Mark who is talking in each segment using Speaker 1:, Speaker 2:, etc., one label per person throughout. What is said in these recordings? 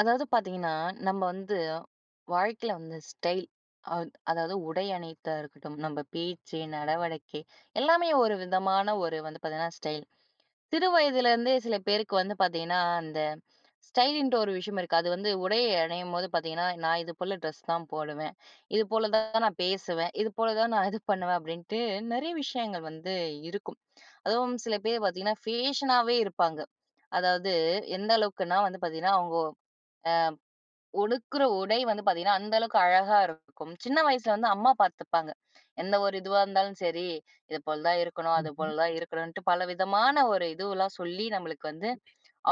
Speaker 1: அதாவது பாத்தீங்கன்னா, நம்ம வந்து வாழ்க்கையில வந்து ஸ்டைல். அத் அதாவது உடை அணியிறதா இருக்கட்டும். நம்ம பேச்சு, நடவடிக்கை எல்லாமே ஒரு விதமான ஒரு வந்து பாத்தீங்கன்னா, ஸ்டைல். சிறு வயதிலேருந்தே சில பேருக்கு வந்து பார்த்தீங்கன்னா, அந்த ஸ்டைலின்ட்டு ஒரு விஷயம் இருக்கு. அது வந்து உடையை அணியும்போது பார்த்தீங்கன்னா, நான் இதுபோல ட்ரெஸ் தான் போடுவேன். இது போல தான் நான் பேசுவேன். இது போல தான் நான் இது பண்ணுவேன். அப்படின்ட்டு, நிறைய விஷயங்கள் வந்து இருக்கும். அதுவும் சில பேர் பார்த்தீங்கன்னா, ஃபேஷனாவே இருப்பாங்க. அதாவது எந்த அளவுக்குன்னா வந்து பார்த்தீங்கன்னா, அவங்கோ அ உடுத்துற உடை வந்து பார்த்தீங்கன்னா, அந்த அளவுக்கு அழகா இருக்கும். சின்ன வயசுல வந்து அம்மா பார்த்துப்பாங்க. என்ன ஒரு இதுவா இருந்தாலும் சரி. இது போல தான் இருக்கணும், அது
Speaker 2: ம்ஹ்ம்.
Speaker 1: போல தான் இருக்கணும்ன்ட்டு, பல விதமான ஒரு இதுவெல்லாம் சொல்லி நம்மளுக்கு வந்து,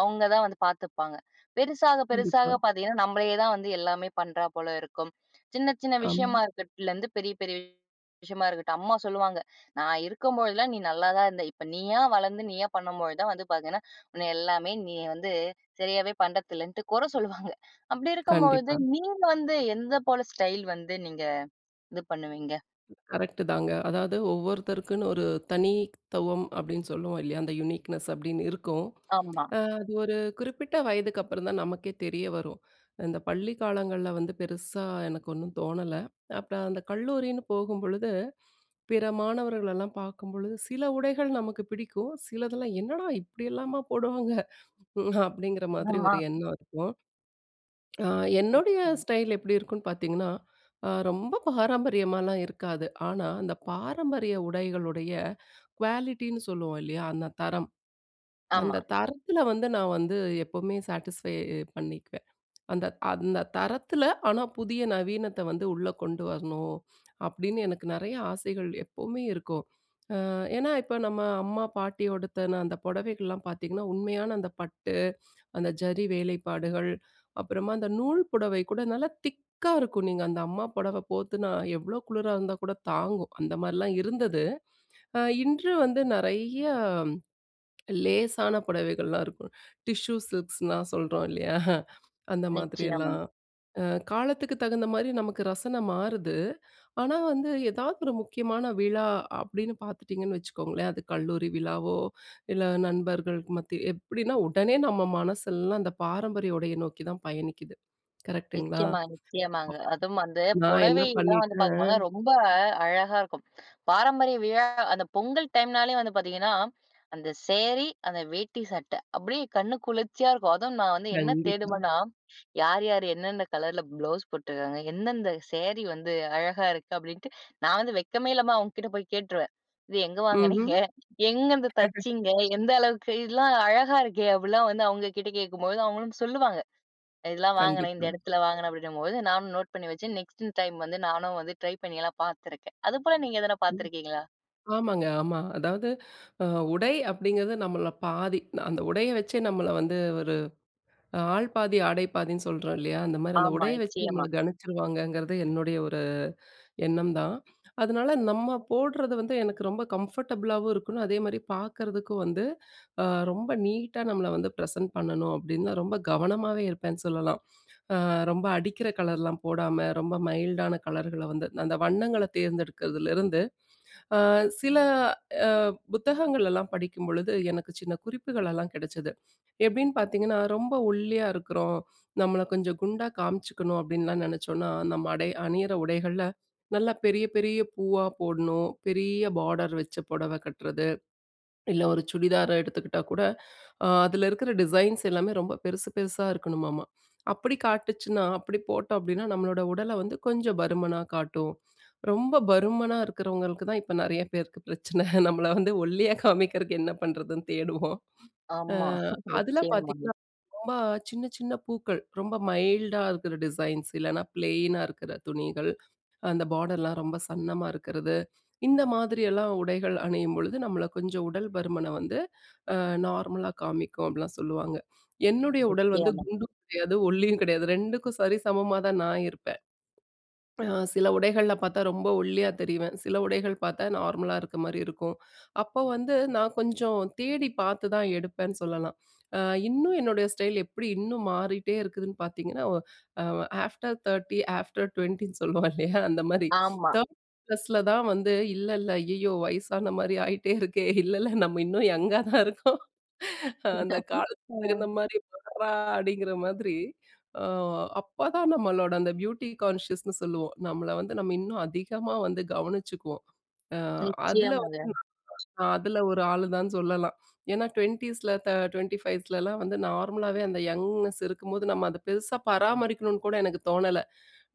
Speaker 1: அவங்க தான் வந்து பார்த்துப்பாங்க. பெருசாக
Speaker 2: கண்டிப்பா.
Speaker 1: பெருசாக பார்த்தீங்கன்னா, நம்மளையே தான் வந்து எல்லாமே பண்ணுறா போல இருக்கும். சின்ன சின்ன
Speaker 2: ஆமா.
Speaker 1: விஷயமா இருக்கிட்லேருந்து பெரிய பெரிய விஷயமா இருக்கட்டும். அம்மா சொல்லுவாங்க, நான் இருக்கும்போதெல்லாம் நீ நல்லா தான் இருந்த. இப்போ நீயா வளர்ந்து, நீயா பண்ணம்போது தான் வந்து பார்த்தன்னா, உன்னை எல்லாமே, நீ வந்து சரியாவே பண்ணுறதில்லன்ட்டு கொர சொல்லுவாங்க. அப்படி இருக்கம்பொழுது,
Speaker 2: கண்டிப்பா.
Speaker 1: நீ வந்து எந்த போல ஸ்டைல் வந்து நீங்க இது பண்ணுவீங்க?
Speaker 2: கரெக்டுதாங்க. அதாவது ஒவ்வொருத்தருக்குன்னு ஒரு தனித்துவம் அப்படின்னு சொல்லுவோம் இல்லையா? அந்த யுனிக்னஸ் அப்படின்னு இருக்கும்.
Speaker 1: ஆமா.
Speaker 2: அது ஒரு குறிப்பிட்ட வயதுக்கு அப்பறம் தான் நமக்கே தெரிய வரும். இந்த பள்ளி காலங்கள்ல வந்து பெருசா எனக்கு ஒன்னும் தோணல. அப்பறம் அந்த கல்லூரின்னு போகும்பொழுது, பிற மாணவர்களெல்லாம் பார்க்கும்பொழுது, சில உடைகள் நமக்கு பிடிக்கும். சிலதெல்லாம், "என்னடா இப்படி எல்லாமா போடுவாங்க?" அப்படிங்கிற மாதிரி
Speaker 1: ஆமா.
Speaker 2: ஒரு எண்ணம் இருக்கும். அ என்னுடைய ஸ்டைல் எப்படி இருக்கும்ன்னு பார்த்தீங்கன்னா, அ ரொம்ப பாரம்பரியமாலாம் இருக்காது. ஆனா, அந்த பாரம்பரிய உடைகளுடைய குவாலிட்டின்னு சொல்லுவோம் இல்லையா? அந்த தரம், அந்த
Speaker 1: ஆமா.
Speaker 2: தரத்தில வந்து நான் வந்து, எப்பவுமே சாட்டிஸ்ஃபை பண்ணிக்குவேன். "அந்த அந்த தரத்தில ஆனா, புதிய நவீனத்தை வந்து உள்ள கொண்டு வரணும்." அப்படின்னு, எனக்கு நெறைய ஆசைகள் எப்பவுமே இருக்கும். அ ஏன்னா, இப்ப நம்ம அம்மா, பாட்டி உடுத்தன அந்த புடவைகள்லாம் பார்த்தீங்கன்னா, உண்மையான அந்த பட்டு, அந்த ஜரி வேலைப்பாடுகள், அப்புறமா அந்த நூல் புடவை கூட நல்லா திக்கா இருக்கும். நீங்க அந்த அம்மா புடவை போத்துனா, எவ்வளோ குளுரா இருந்தா கூட தாங்கும். அந்த மாரிலாம் இருந்தது. அ இன்று வந்து, நெறைய லேசான புடவைகள்லாம் இருக்கும், டிஷ்யூ சில்க்ஸ்ன்னுலாம் சொல்றோம் இல்லையா? அந்த
Speaker 1: நிச்சயமா.
Speaker 2: மாதிரியெல்லாம். அ காலத்துக்கு தகுந்த மாரி நமக்கு ரசனை மாறுது. ஆனா வந்து, எதாவது ஒரு முக்கியமான விழா அப்படீன்னு பார்த்துட்டீங்கன்னு வச்சுக்கோங்களேன், அது கல்லூரி விழாவோ, இல்ல நண்பர்களுக்கு மத்தி எப்படின்னா உடனே நம்ம மனசெல்லாம் அந்த பாரம்பரிய உடைய நோக்கி தான் பயணிக்குது. கரெக்டுங்களா?
Speaker 1: நிச்சயமா, நிச்சயமாங்க.
Speaker 2: ஆமா.
Speaker 1: அதுவும் வந்து
Speaker 2: நான்
Speaker 1: புடவ
Speaker 2: என்ன
Speaker 1: எல்லாம் வந்து பார்க்கப்போனா
Speaker 2: பண்ணிட்டேன்
Speaker 1: ரொம்ப அழகா இருக்கும். பாரம்பரிய விழா அந்த பொங்கல் டைம்னாலே வந்து பார்த்தீங்கன்னா, அந்த சேரி, அந்த வேட்டி சட்டை. அப்படியே கண்ணு குளிர்ச்சியா இருக்கும். அதுவும் நான் வந்து என்ன
Speaker 2: கண்டிப்பா.
Speaker 1: தேடுவனா, யார் யார் என்னென்ன கலர்ல ப்ளவுஸ் போட்டுருக்காங்க? எந்தெந்த சேரி வந்து அழகா இருக்கு? அப்படின்ட்டு நான் வந்து வெட்கமே இல்லாம அவங்க கிட்ட போய் கேட்டுருவேன். "இது எங்க
Speaker 2: ம்ஹ்ம்.
Speaker 1: வாங்குனீங்க? எங்கருந்து தச்சீங்க? எந்த அளவுக்கு இதெல்லாம் அழகா இருக்கே." அப்படிலாம் வந்து அவங்க கிட்ட கேட்கும்போது, அவங்களும் சொல்லுவாங்க. "இதெல்லாம் வாங்கினேன். இந்த
Speaker 2: கண்டிப்பா.
Speaker 1: இடத்தில வாங்கினேன்." அப்படின்னும்போது நானும் நோட் பண்ணி வச்சு, நெக்ஸ்ட் டைம் வந்து நானும் வந்து ட்ரை பண்ணி எல்லாம் பார்த்திருக்கேன். அதுபோல நீங்க எதாவது
Speaker 2: ம்.
Speaker 1: பார்த்திருக்கீங்களா?
Speaker 2: ஆமாங்க, ஆமா. அதாவது அ உடை அப்படிங்கிறது நம்மள்ள பாதி. அந்த உடையை வச்சே நம்மள வந்து, ஒரு ஆள் பாதி ஆடை பாதின்னு சொல்றோம் இல்லையா? அந்த மாரி, அந்த
Speaker 1: ஆமா.
Speaker 2: உடையை வச்சு நம்மள
Speaker 1: நிச்சயமா.
Speaker 2: கணிச்சுருவாங்கங்கிறது என்னுடைய ஒரு எண்ணம் தான். அதனால, "நம்ம போடுறது வந்து எனக்கு ரொம்ப கம்ஃபர்டபுளாவும் இருக்கணும், அதேமாரி பார்க்கறதுக்கு வந்து, அ ரொம்ப நீட்டா நம்மள வந்து ப்ரசன்ட் பண்ணணும்." அப்படின்னு நான் ரொம்ப கவனமாவே இருப்பேன்னு சொல்லலாம். அ ரொம்ப அடிக்கிற கலர்லாம் போடாம, ரொம்ப மைல்டான கலர்கள வந்து அந்த வண்ணங்கள தேர்ந்தெடுக்கிறதுலேருந்து அ சில அ புத்தகங்களல்லாம் படிக்கும்பொழுது, எனக்கு சின்ன குறிப்புகளெல்லாம் கிடைச்சது. எப்படின்னு பார்த்தீங்கன்னா, ரொம்ப ஒல்லியா இருக்கிறோம், நம்மளை கொஞ்சம் குண்டா காமிச்சுக்கணும் அப்படின்லாம் நினச்சோம்னா, நம்ம அடை அணியிற உடைகள்ல நல்லா பெரிய பெரிய பூவா போடணும், பெரிய பார்டர் வச்ச புடவை கட்டுறது. இல்ல, ஒரு சுடிதாரை எடுத்துக்கிட்டா கூட, அ அதில இருக்கிற டிசைன்ஸ் எல்லாமே ரொம்ப பெருசு பெருசா இருக்கணுமாம. அப்படி காட்டுச்சுன்னா, அப்படி போட்டோம் அப்படின்னா, நம்மளோட உடல வந்து கொஞ்சம் பருமனா காட்டும். ரொம்ப பருமனா இருக்கிறவங்களுக்கு தான் இப்ப நெறைய பேருக்கு பிரச்சனை. நம்மள வந்து ஒல்லியா காமிக்கிறதுக்கு என்ன பண்ணுறதுன்னு தேடுவோம். அ
Speaker 1: ஆமா.
Speaker 2: அதில
Speaker 1: நிச்சயமா.
Speaker 2: பார்த்தீங்கன்னா, ரொம்ப சின்ன சின்ன பூக்கள், ரொம்ப மைல்டா இருக்கிற டிசைன்ஸ், இல்லனா ப்ளைனா இருக்கற துணிகள், அந்த பார்டர்லாம் ரொம்ப சன்னமா இருக்கறது. இந்த மாதிரியெல்லாம் உடைகள் அணியும்பொழுது, நம்மள கொஞ்சம் உடல் பருமனை வந்து அ நார்மலா காமிக்கும், அப்படிலாம் சொல்லுவாங்க. என்னுடைய உடல் வந்து
Speaker 1: நிச்சயமா.
Speaker 2: குண்டும் கிடையாது, ஒல்லியும் கிடையாது 2க்கும் சரிசமமா தான் நான் இருப்பேன். அ சில உடைகள்ல பார்த்தா ரொம்ப ஒல்லியா தெரிவேன். சில உடைகள் பார்த்தா நார்மலா இருக்க மாரி இருக்கும். அப்போ வந்து நான் கொஞ்சம் தேடி பார்த்து தான் எடுப்பேன்னு சொல்லலாம். அ இன்னும் என்னுடைய ஸ்டைல் எப்படி இன்னும் மாறிட்டே இருக்குதுன்னு பார்த்தீங்கன்னா, ஓ அ ஆஃப்டர் 30, ஆஃப்டர் 20ன்னு சொல்லுவோம் இல்லையா? அந்த மாரி.
Speaker 1: ஆமா.
Speaker 2: 30 ப்ளஸ்ல தான் வந்து, "இல்ல இல்ல ஐயயோ! வயசான மாரி ஆயிட்டே இருக்கே! இல்லைல்ல நம்ம இன்னும் யங்கா தான் இருக்கோம். அந்த காலத்துக்கு தகுந்த
Speaker 1: அ.
Speaker 2: மாரி வறா" அப்படிங்கிற மாதிரி, அ அப்பதான் நம்மளோட அந்த பியூட்டி கான்ஷியஸ்ன்னு சொல்லுவோம். நம்மள வந்து நம்ம இன்னும் அதிகமா வந்து கவனிச்சுக்குவோம். அ அதில வந்து,
Speaker 1: நிச்சயமாங்க.
Speaker 2: அதில ஒரு ஆள் தான்னு சொல்லலாம். ஏன்னா, 20ஸ்ல்ல தெ 25 ஸ்லலாம் வந்து நார்மலாவே அந்த யங்னஸ் இருக்கும்போது நம்ம அதை பெருசா பராமரிக்கணும்னு கூட எனக்கு தோணல.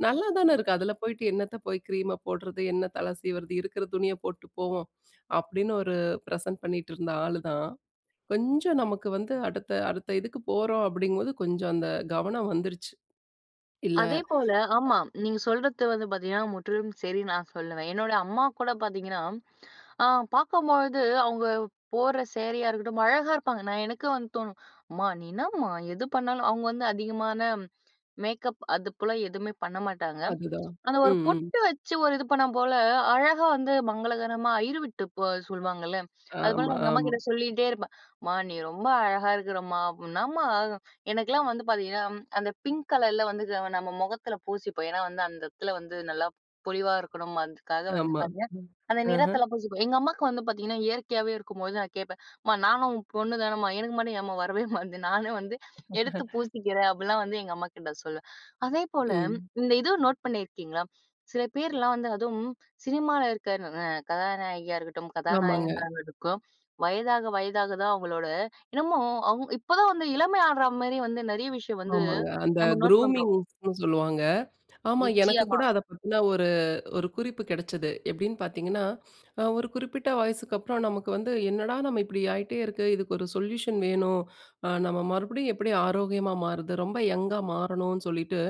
Speaker 2: "நல்லா தான இருக்கு. அதில போய்ட்டு என்னத்த போய் கிரீம்ம போடுறது, என்ன தலை சீவுறது, இருக்கிற துணியை போட்டுட்டு போவோம்." அப்படின்னு ஒரு பிரசன்ட் பண்ணிட்டு இருந்த ஆளு தான். கொஞ்சம் நமக்கு வந்து, "அடுத்த அடுத்த இதுக்கு போறோம்." அப்படிங்கும் போது, கொஞ்சம் அந்த கவனம் வந்துருச்சு. இல்ல
Speaker 1: அதேபோல ஆமா, நீங்க சொல்றது வந்து பார்த்தீங்கன்னா, முற்றிலும் சரி நான் சொல்லுவேன். என்னோட அம்மா கூட பார்த்தீங்கன்னா அ பார்க்கும்பொழுது, அவங்க போடுற சேரியா இருக்கட்டும் அழகா இருப்பாங்க! நான் எனக்கு வந்து தோணும், "அம்மா! நீ என்னம்மா எது பண்ணாலும்" அவங்க வந்து அதிகமான மேக்கப் அது போல எதுவுமே பண்ண மாட்டாங்க.
Speaker 2: அதுதான்.
Speaker 1: அந்த ஒரு
Speaker 2: ம், ம்.
Speaker 1: பொட்டு வச்சு, ஒரு இது பண்ணா போல அழகா வந்து மங்களகரமா, அய்யர் வீட்டு பொ சொல்லுவாங்கல்ல, அதுபோல
Speaker 2: ஆமா,
Speaker 1: நான் எங்க
Speaker 2: ஆமா.
Speaker 1: அம்மாகிட்ட சொல்லிட்டே இருப்பேன். "அம்மா! நீ ரொம்ப அழகா இருக்கறம்மா ப் என்னாம்மா?" எனக்கெல்லாம் வந்து பார்த்தீங்கன்னா, அந்த பிங்க் கலர்ல வந்து [unintelligible] நம்ம முகத்தில பூசிப்போம். ஏன்னா, வந்து அந்த இடத்தில வந்து நல்லா பொலிவா இருக்கணும். அதுக்காக வந்து
Speaker 2: ஆமா.
Speaker 1: பார்த்தீங்கன்னா,
Speaker 2: ம்.
Speaker 1: அந்த
Speaker 2: ஆஹ.
Speaker 1: நிறத்தில பூசிப்போம். எங்க அம்மாக்கு வந்து பார்த்தீங்கன்னா இயற்கையாவே இருக்கும்போது, நான் கேட்பேன். "அம்மா நானும் உன் பொண்ணு தானம்மா? எனக்கு மட்டும் ஏம்மா வரவே மாட்டேங்குது? நானே வந்து எடுத்து பூசிக்கிறேன்." அப்படிலாம் வந்து எங்க அம்மாகிட்ட சொல்லுவேன். அதேபோல
Speaker 2: ம்.
Speaker 1: இந்த இதுவும் நோட் பண்ணியிருக்கீங்களா? சில பேர்லாம் வந்து அதுவும் சினிமால இருக்க ந ந கதாநாயகியா இருக்கட்டும்,
Speaker 2: ஆமாங்க.
Speaker 1: கதாநாயகனா இருக்கட்டும் வயதாக வயதாக தான் அவங்களோட என்னமோ அவங்க இப்ப தான் வந்து இளமை ஆடுற மாரி வந்து நெறைய விஷயம் வந்து
Speaker 2: ஆமாங்க. அந்த
Speaker 1: நம்ம நோட் பண்றோம்.
Speaker 2: குரூமிங்ஸ்ன்னு சொல்லுவாங்க. ஆமா, எனக்கு
Speaker 1: நிச்சயமா.
Speaker 2: கூட அதை பத்தின ஒரு ஒரு குறிப்பு கெடைச்சது. எப்படின்னு பார்த்தீங்கன்னா, ஒரு குறிப்பிட்ட வயசுக்கு அப்பறம் நமக்கு வந்து என்னடா நம்ம இப்படி ஆயிட்டே இருக்கு. இதுக்கு ஒரு சொல்யூஷன் வேணும். அ நம்ம மறுபடியும் எப்படி ஆரோக்கியமா மாறுவது? ரொம்ப யங்கா மாறணும்ன்னு சொல்லிட்டு,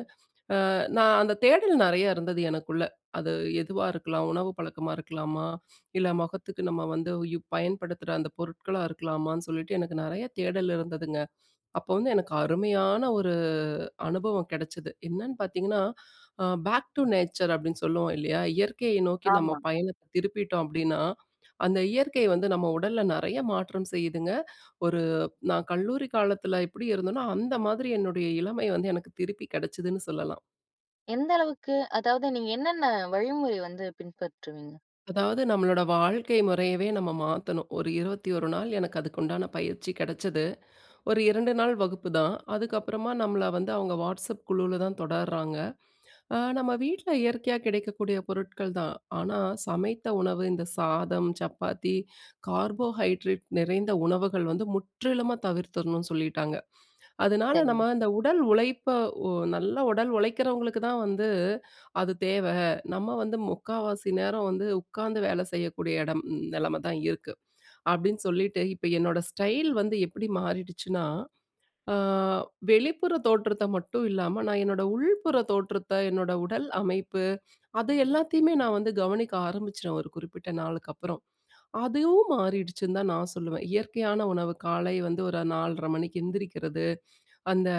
Speaker 2: அ நான் அந்த தேடல் நெறைய இருந்தது எனக்குள்ள. அது எதுவா இருக்கலாம், உணவு பழக்கமா இருக்கலாமா? இல்ல முகத்துக்கு நம்ம வந்து யூ பயன்படுத்துற அந்த பொருட்களா இருக்கலாமான்னு? சொல்லிட்டு, எனக்கு நெறைய தேடல் இருந்ததுங்க. அப்போ வந்து எனக்கு அருமையான ஒரு அனுபவம் கெடைச்சுது. என்னன்னு பார்த்தீங்கன்னா, அ பேக் டூ நேச்சர், அப்படின்னு சொல்லுவோம் இல்லையா? இயற்கையை நோக்கி நம்ம
Speaker 1: ஆமா.
Speaker 2: பயணத்தை திருப்பிட்டோம் அப்படின்னா, அந்த இயற்கை வந்து நம்ம உடல்ல நெறைய மாற்றம் செய்யுதுங்க. ஒரு நான் கல்லூரி காலத்தில எப்படி இருந்தனோ, அந்த மாதிரி என்னுடைய இளமை வந்து எனக்கு திருப்பி கெடைச்சுதுன்னு சொல்லலாம்.
Speaker 1: எந்த அளவுக்கு, அதாவது நீங்க என்னென்ன வழிமுறை வந்து பின்பற்றுவீங்க?
Speaker 2: அதாவது நம்மளோட வாழ்க்கை முறையவே நம்ம மாத்தணும். ஒரு 21 நாள் எனக்கு அதுக்கு உண்டான பயிற்சி கெடச்சது. ஒரு 2 நாள் வகுப்புதான். அதுக்கப்பறமா, நம்மள வந்து அவங்க வாட்ஸப் குழுவில தான் தொடர்றாங்க. அ, நம்ம வீட்ல இயற்கையா கிடைக்கக்கூடிய பொருட்கள் தான். ஆனா, சமைத்த உணவு, இந்த சாதம், சப்பாத்தி, கார்போஹைட்ரேட் நிறைந்த உணவுகள் வந்து முற்றிலுமா தவிர்த்திறனும்னு சொல்லிட்டாங்க. அதனால,
Speaker 1: சரிங்.
Speaker 2: நம்ம இந்த உடல் உழைப்ப, வொ நல்ல உடல் உழைக்கிறவங்களுக்கு தான் வந்து, அது தேவ நம்ம வந்து முக்காவாசி நேரம் வந்து உட்காந்து வேலை செய்யக்கூடிய இடம் நிலைமை தான் இருக்கு, அப்படின்னு சொல்லிட்டு இப்ப என்னோட ஸ்டைல் வந்து எப்படி மாறிடுச்சுனா? அ வெளிப்புற தோற்றத்த மட்டும் இல்லாம, நான் என்னோட உள்புறத் தோற்றத்த, என்னோட உடல் அமைப்பு, அது எல்லாத்தயுமே நான் வந்து கவனிக்க ஆரம்பிச்சுறேன், ஒரு குறிப்பிட்ட நாளுக்கப்பறம். அதுவும் மாறிடுச்சுன்னு தான் நான் சொல்லுவேன். இயற்கையான உணவு, காலை வந்து ஒரு 4.30 மணிக்கு எந்திரிக்கிறது, அந்த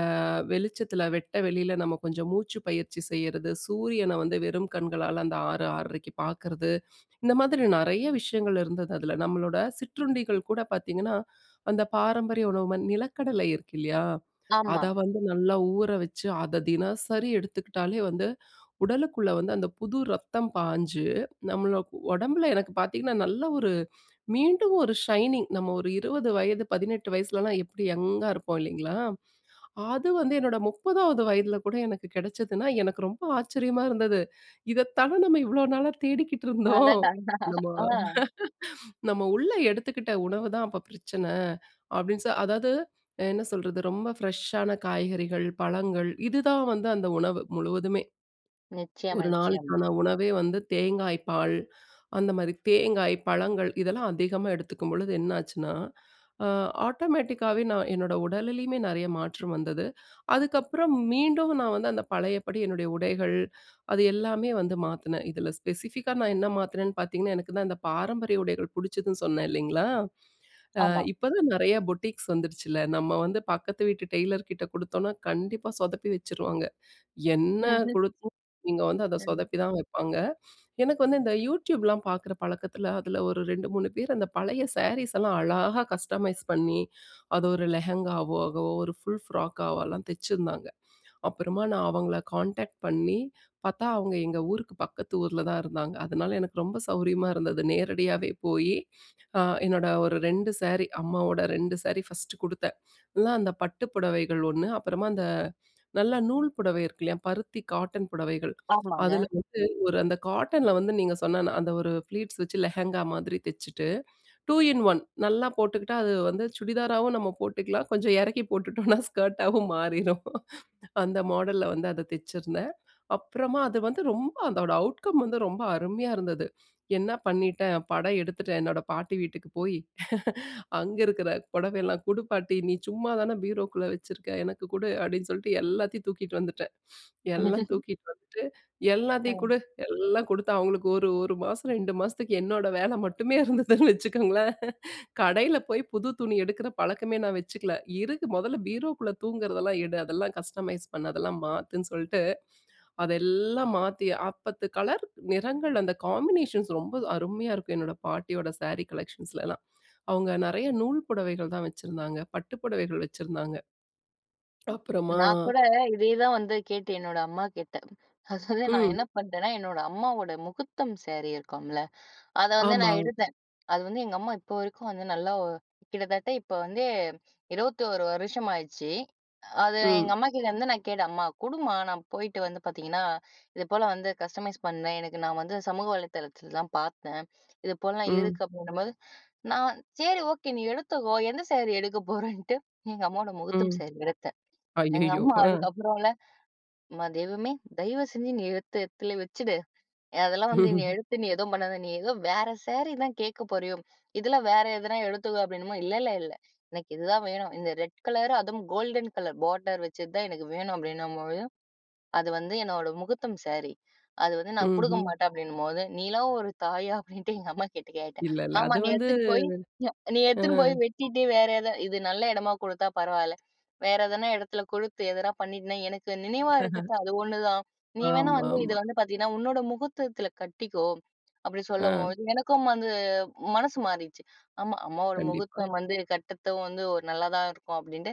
Speaker 2: வெளிச்சத்தில, வெட்ட வெளியில நம்ம கொஞ்சம் மூச்சு பயிற்சி செய்யிறது, சூரியன வந்து வெறும் கண்களால அந்த 6 6.30க்கு பாக்குறது. இந்த மாதிரி நிறைய விஷயங்கள் இருந்தது அதில. நம்மளோட சிற்றுண்டிகள் கூட பார்த்தீங்கன்னா, அந்த பாரம்பரிய உணவு ம நிலக்கடலை இருக்கில்லையா?
Speaker 1: ஆமா.
Speaker 2: அத வந்து நல்லா ஊற வச்சு, அத தினசரி எடுத்துக்கிட்டாலே வந்து, உடலுக்குள்ள வந்து அந்த புது ரத்தம் பாஞ்சு, நம்மளுக் ஒடம்புல எனக்கு பார்த்தீங்கன்னா, நல்ல ஒரு மீண்டும் ஒரு ஷைனிங் நம்ம ஒரு 20 வயது, 18 வயசுலலாம் எப்படி யங்கா இருப்போம் இல்லீங்களா? அது வந்து என்னோட 30ஆவது வயதில கூட எனக்கு கெடைச்சதுனா, எனக்கு ரொம்ப ஆச்சரியமா இருந்தது. இதைத்தான நம்ம இவ்வளோ நாளா தேடிக்கிட்டு இருந்தோம்.
Speaker 1: அடடா!
Speaker 2: நம்ம,
Speaker 1: அ.
Speaker 2: நம்ம உள்ளே எடுத்துக்கிட்ட உணவுதான் அப்போ பிரச்சன, அப்படின் சொல் அதாவது என்ன சொல்றது? ரொம்ப ஃப்ரெஷ்ஷான காய்கறிகள், பழங்கள் இதுதான் வந்து அந்த உணவு, முழுவதுமே.
Speaker 1: நிச்சயமா,
Speaker 2: ஒரு
Speaker 1: நிச்சயம்.
Speaker 2: நாளுக்கான உணவே வந்து தேங்காய் பால் அந்த மாதிரி. தேங்காய், பழங்கள் இதெல்லாம் அதிகமா எடுத்துக்கும்பொழுது என்னாச்சுன்னா, அ ஆட்டோமேட்டிக்காவே நான் என்னோட உடலிலேயுமே நெறைய மாற்றம் வந்தது. அதுக்கப்பறம், மீண்டும் நான் வந்து அந்த பழையபடி என்னுடைய உடைகள், அது எல்லாமே வந்து மாத்துனேன். இதுல ஸ்பெசிஃபிக்கா நான் என்ன மாத்துனேன்னு பார்த்தீங்கன்னா, எனக்கு தான் இந்த பாரம்பரிய உடைகள் புடிச்சதுன்னு சொன்னே இல்லீங்களா? அ
Speaker 1: ஆமா.
Speaker 2: இப்போதான் நிறையா புட்டிக்ஸ் வந்துடுச்சுல்ல. நம்ம வந்து பக்கத்து வீட்டு டெய்லர் கிட்ட குடுத்தோம்னா, கண்டிப்பா சொதப்பி வச்சுருவாங்க. என்ன
Speaker 1: ம்ஹ்ம்.
Speaker 2: கொடுத்தாலும் நீங்க வந்து அத
Speaker 1: ம்.
Speaker 2: சொதப்பிதான் வைப்பாங்க. எனக்கு வந்து இந்த யூடியூப்லாம் பாக்குற பழக்கத்தில, அதில ஒரு 2, 3 பேர் அந்த பழைய ஸேரீஸ்லாம் அழகா கஸ்டமைஸ் பண்ணி, அது ஒரு லெஹெங்காவ் ஆகவோ, ஒரு ஃபுல் ஃப்ராக்காவோ எல்லாம் தெச்சிருந்தாங்க. அப்புறமா, நான் அவங்கள கான்டாக்ட் பண்ணி, பாத்தா அவங்க எங்க ஊருக்கு பக்கத்து ஊர்ல தான் இருந்தாங்க. அதனால, எனக்கு ரொம்ப சௌரியமா இருந்தது. நேரடியாவே போயி, அ என்னோட ஒரு 2 ஸேரி. அம்மாவோட 2 சேரி ஃபஸ்ட்டு குடுத்தேன். அதுல அந்த பட்டு புடவைகள் 1. அப்புறமா, அந்த நல்ல நூல் புடவை இருக்குல்லையா? பருத்தி, காட்டன் புடவைகள்.
Speaker 1: ஆமாங்க.
Speaker 2: அதில வந்து, ஒரு அந்த காட்டன்ல வந்து, நீங்க சொன்ன அந்த ஒரு ப்ளீட்ஸ் வச்சு, லெஹங்கா மாதிரி தச்சுட்டு, 2 இன் 1. நல்லா போட்டுக்கிட்டா, அது வந்து சுடிதாராவும் நம்ம போட்டுக்கலாம், கொஞ்சம் எறக்கி போட்டுட்டோம்னா ஸ்கர்ட்டாவும் மாறிரும். அந்த மாடல்ல வந்து அத தெச்சிருந்தேன். அப்புறமா, அது வந்து ரொம்ப அதோட அவுட்கம் வந்து ரொம்ப அருமையா இருந்தது. என்ன பண்ணிட்டேன், படம் எடுத்துட்டேன். என்னோட பாட்டி வீட்டுக்கு போயி, அங்க இருக்கிற "பொடவையெல்லாம் குடு பாட்டி. நீ சும்மா தானே பீரோக்குள்ளே வச்சுருக்க? எனக்கு குடு" அப்படின்னு சொல்ட்டு எல்லாத்தையும் தூக்கிட்டு வந்துட்டேன். எல்லாம் தூக்கிட்டு வந்துட்டு, எல்லாத்தையும்
Speaker 1: ம்.
Speaker 2: குடு. எல்லாம் கொடுத்தா, அவங்களுக்கு ஒரு, 1 மாசம், 2 மாசத்துக்கு என்னோட வேல மட்டுமே இருந்ததுன்னு வச்சுக்கோங்களேன். கடையில போயி புது துணி எடுக்குற பழக்கமே நா வச்சுக்கல. இருக்கு, "மொதல்ல பீரோக்குள்ள தூங்குறதெல்லாம் எடு. அதெல்லாம் கஸ்டமைஸ் பண்ணு, அதெல்லாம் மாத்துன்னு" சொல்ட்டு, அதெல்லாம் மாத்தி, ஆ பத்து கலர் நிறங்கள் அந்த காம்பினேஷன்ஸ் ரொம்ப அருமையா இருக்கும் என்னோட பாட்டியோட ஸேரி கலெக்ஷன்ஸ்லலாம். அவங்க நெறைய நூல் புடவைகள் தான் வச்சிருந்தாங்க, பட்டு புடவைகள் வச்சிருந்தாங்க. அப்புறமா.
Speaker 1: நா கூட இதே தான் வந்து கேட்டு என்னோட அம்மாகிட்ட, ஆக்சொலி நான் என்ன
Speaker 2: ம்.
Speaker 1: பண்ணிட்டேன்னா, என்னோட அம்மாவோட முஹூர்த்தம் ஸேரி இருக்கும்ல? அத வந்து
Speaker 2: ஆமா.
Speaker 1: நான் எடுத்தேன். அது வந்து எங்க அம்மா இப்போ வரைக்கும் வந்து, நல்லா ஒ கிட்டத்தட்ட இப்போ வந்து 21 வருஷம் ஆச்சி. அது எங்க
Speaker 2: ம்.
Speaker 1: அம்மாகிட்டேருந்து நான் கேட்டேன், "அம்மா குடும்மா. நான் போய்ட்டு வந்து பார்த்தீங்கன்னா, இதுபோல வந்து கஸ்டமைஸ் பண்வேன். எனக்கு நா வந்து சமூக வலைதளத்தில தான் பாத்தேன். இதுபோலலாம்
Speaker 2: ம்.
Speaker 1: இருக்கு" அப்படின்னும்போது, நான் "சேரி, ஓகே, நீ எடுத்துக்கோ. எந்த ஸேரி எடுக்க போறேன்னுட்டு" எங்க அம்மாவோட முஹூர்த்தம்
Speaker 2: ம்.
Speaker 1: ஸேரி எடுத்தேன். எங்க
Speaker 2: அய்யய்யோ!
Speaker 1: அம்மா
Speaker 2: அ.
Speaker 1: அதுக்கப்புறம்ல, "எம்மா தெய்வமே! தயவுசெஞ்சு நீ எடுத்து எடத்துலே வச்சுடு. அதெல்லாம் வந்து நீ எடுத்து, நீ எதுவும் பண்ணாத. நீ ஏதோ வேற ஸேரி தான் கேட்க போறியோ இதுல வேற எதனா எடுத்துக்கோ" அப்படினுமா, "இல்ல, இல்ல, இல்ல எனக்கு இதுதான் வேணும். இந்த ரெட் கலர், அதுவும் கோல்டன் கலர் போடர் வச்ச தான் எனக்கு வேணும்" அப்படின்னும்போது, "அது வந்து என்னோட முஹூர்த்தம் ஸேரி. அது வந்து நான் குடுக்க
Speaker 2: ம்ஹ்ம்.
Speaker 1: மாட்டேன்" அப்படின்னும்போது, "நீலாம் ஒரு தாயா?" அப்படின்ட்டு எங்க அம்மாகிட்ட கேட்டேன்.
Speaker 2: இல்லல்ல.
Speaker 1: "ஆமா
Speaker 2: அது
Speaker 1: நீ
Speaker 2: வந்து
Speaker 1: எடுத்துன்னு போய் ய நீ
Speaker 2: அ.
Speaker 1: எடுத்துன்னு போய், வெட்டிட்டு வேற எத இது நல்ல எடமா குடுத்தா பரவால்ல. வேற எதனா எடத்தில குடுத்து, எதனா பண்ணிட்டன்னா, எனக்கு நினைவா இருக்கிறது அது ஒண்ணு தான். நீ வேணா வந்து இது
Speaker 2: ஆமாமா.
Speaker 1: வந்து பாத்தீங்கன்னா, உன்னோட முஹூர்த்தத்தில கட்டிக்கோ" அப்படி
Speaker 2: அ.
Speaker 1: சொல்லம்போது எனக்கும் வந்து, மனசு மாறிடுச்சு. ஆமா, அம்மாவோட
Speaker 2: கண்டிப்பா.
Speaker 1: முஹூர்த்தம் வந்து, கட்றத்தும் வந்து ஒரு நல்லா தான் இருக்கும் அப்படின்ட்டு,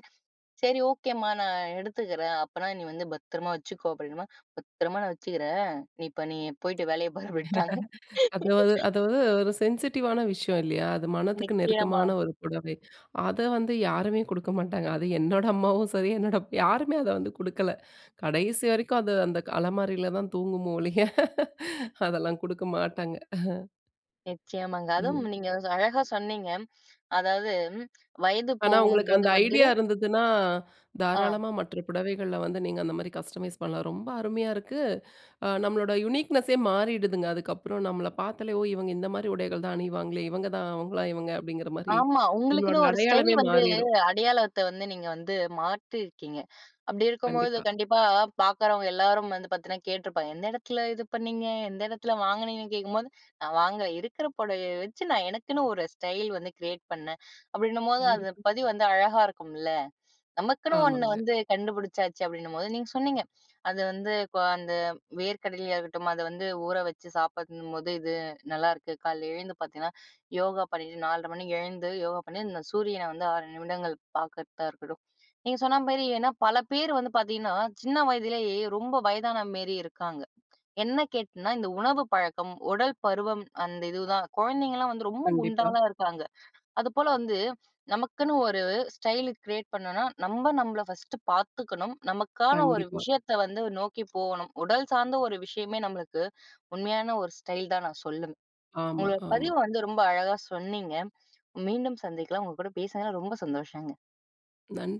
Speaker 1: "சரி ஓகேம்மா. நான் எடுத்துக்கிறேன். அப்பனா, நீ வந்து, பத்திரமா வச்சுக்கோ" அப்படினுமா "பத்திரமா நான் வச்சுக்கிறேன். நீ இப்போ நீ போய்ட்டு வேலைய பார்" விட்டாக.
Speaker 2: அதுவ் அதுவ் ஒரு சென்சிட்டிவான விஷயம் இல்லயா? அது மனதுக்கு
Speaker 1: நிச்சயமா.
Speaker 2: நெருக்கமான ஒரு புடவை. அத வந்து யாருமே குடுக்க மாட்டாங்க. அது என்னோட அம்மாவும் சரி, என்னோட, யாருமே அத வந்து குடுக்கல. கடைசி வரைக்கும் அது அந்த க அலமாரியில தான் தூங்குமோ ஒழிய அதெல்லாம் குடுக்க மாட்டாங்க.
Speaker 1: நிச்சயமாங்க. அதுவும்
Speaker 2: நீங்க.
Speaker 1: நீங்க அழகா சொன்னீங்க. அதாவது வயது
Speaker 2: ஆனா உங்களுக்கு
Speaker 1: போகும்போது
Speaker 2: அந்த
Speaker 1: வந்து.
Speaker 2: ஐடியா இருந்ததுன்னா,
Speaker 1: ஆ.
Speaker 2: தாராளமா மற்ற புடவைகள்ல வந்து நீங்க அந்த மாரி கஸ்டமைஸ் பண்ணலாம். ரொம்ப அருமையா இருக்கு, அ நம்மளோட யுனிக்னெஸ்ஸே மாறிடுதுங்க, அதுக்கப்புறம் நம்மள பார்த்தாலே, ஓ! இவங்க இந்த மாரி உடைகள் தான் அணிவாங்களே இவங்க தான். அவங்களா இவங்க அப்படிங்கிற மாரி
Speaker 1: ஆமா.
Speaker 2: நம்மளோட
Speaker 1: உங்களுக்குன்னு ஒரு ஸ்டைல்
Speaker 2: அடையாளமே
Speaker 1: வந்து
Speaker 2: மாறிரும்.
Speaker 1: அடையாளத்தை வந்து நீங்க வந்து மாற்றியிருக்கீங்க. அப்படி இருக்கும்போது
Speaker 2: கண்டிப்பா.
Speaker 1: கண்டிப்பா பார்க்குறவங்க எல்லாரும் வந்து பார்த்தீன்னா கேட்டுருப்பாங்க, எந்த இடத்தில இது பண்ணீங்க எந்த இடத்தில வாங்கினீங்கன்னு கேட்கும்போது, "நான் வாங்கல, இருக்கற புடவைய வச்சு நான் எனக்குன்னு ஒரு ஸ்டைல் வந்து கிரியேட் பண்ணேன்" அப்படின்னும்போது அது
Speaker 2: கண்டிப்பா.
Speaker 1: பதிவு வந்து அழகா இருக்கும்ல. நமக்குன்னு ஒண்ணு
Speaker 2: ஆமாங்க.
Speaker 1: வந்து கண்டுபுடிச்சாச்சு அப்படின்னும்போது, நீங்க சொன்னீங்க. அது வந்து இப்போ அந்த வேர்கடலயா இருக்கட்டும் அத வந்து ஊற வச்சு சாப்பிறது இன்னும்போது, இது நல்லாயிருக்கு கால்ல எழுந்து பார்த்தீங்கன்னா யோகா பண்ணிட்டு 4 1/2 மணிக்கு எழுந்து யோகா பண்ணி இந்த சூரியனை வந்து 6 நிமிடங்கள் பார்க்கறதா இருக்கட்டும். நீங்க சொன்ன மாரி, ஏன்னா பல பேர் வந்து பார்த்தீங்கன்னா, சின்ன வயதிலேயே ரொம்ப வயதான மாரி இருக்காங்க. என்ன கேட்டன்னா, இந்த உணவு பழக்கம். உடல் பருவம் அந்த இதுதான். குழந்தைங்கலாம் வந்து ரொம்ப
Speaker 2: கண்டிப்பா.
Speaker 1: குண்டாலாம் இருக்காங்க. அதுபோல வந்து நமக்குன்னு ஒரு ஸ்டைல் கிரியேட் பண்ணோன்னா, நம்ம நம்மளை ஃபர்ஸ்ட்டு பார்த்துக்கணும். நமக்கான ஒரு
Speaker 2: கண்டிப்பா.
Speaker 1: விஷயத்த வந்து நோக்கி போகணும். உடல் சார்ந்த ஒரு விஷயமே நம்மளுக்கு உண்மையான ஒரு ஸ்டைல் தான் நான் சொல்லும்.
Speaker 2: ஆமா,
Speaker 1: உங்களோட
Speaker 2: ஆமா.
Speaker 1: பதிவு வந்து ரொம்ப அழகா சொன்னீங்க. மீண்டும் சந்திக்கலாம். உங்க கூட பேசுனது ரொம்ப சந்தோஷங்க.
Speaker 2: நன்